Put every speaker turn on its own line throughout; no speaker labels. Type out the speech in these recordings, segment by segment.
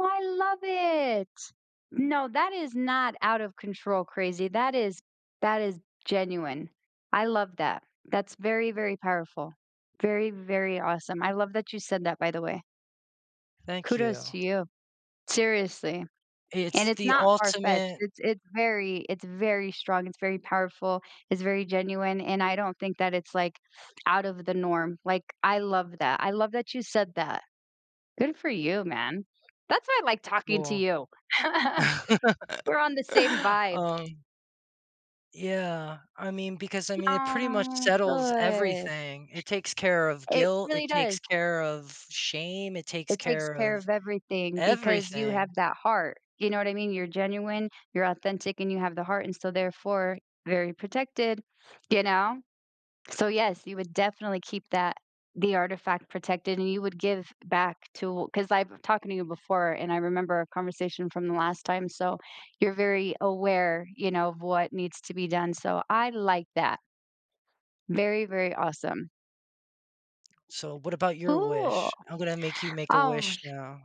I love it. No, that is not out of control crazy, that is that is genuine. I love that. That's very, very powerful. Very, very awesome. I love that you said that, by the way.
Thank
Kudos
you.
to you, seriously, and
It's
it's
the
not farfetched,
ultimate
it's it's very it's very strong, it's very powerful, it's very genuine, and I don't think that it's, like, out of the norm, like, I love that. I love that you said that. Good for you, man, that's why like talking to
Cool,
you. We're on the same vibe.
um Yeah, I mean, because I mean, it pretty much
Oh,
settles
good.
everything. It takes care of
It
guilt. It
really
takes
does.
care of shame. It takes
It takes
care
care
of
of everything because you have
everything.
that heart, you know what I mean? You're genuine, you're authentic, and you have the heart, and so therefore, very protected, you know, so, yes, you would definitely keep that the artifact protected and you would give back to 'cause I've been talking to you before and I remember a conversation from the last time, so, you're very aware, you know, of what needs to be done, so I like that. Very, very awesome.
So, what about your
Cool,
wish? I'm gonna make you make a
um,
wish now.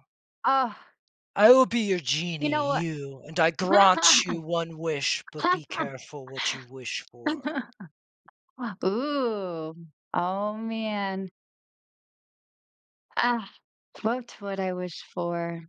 ugh.
I will be your
You
genie,
know what,
you, and I grant you 1 wish, but be careful what you wish for.
ooh, oh man. Ah, what would I wish for?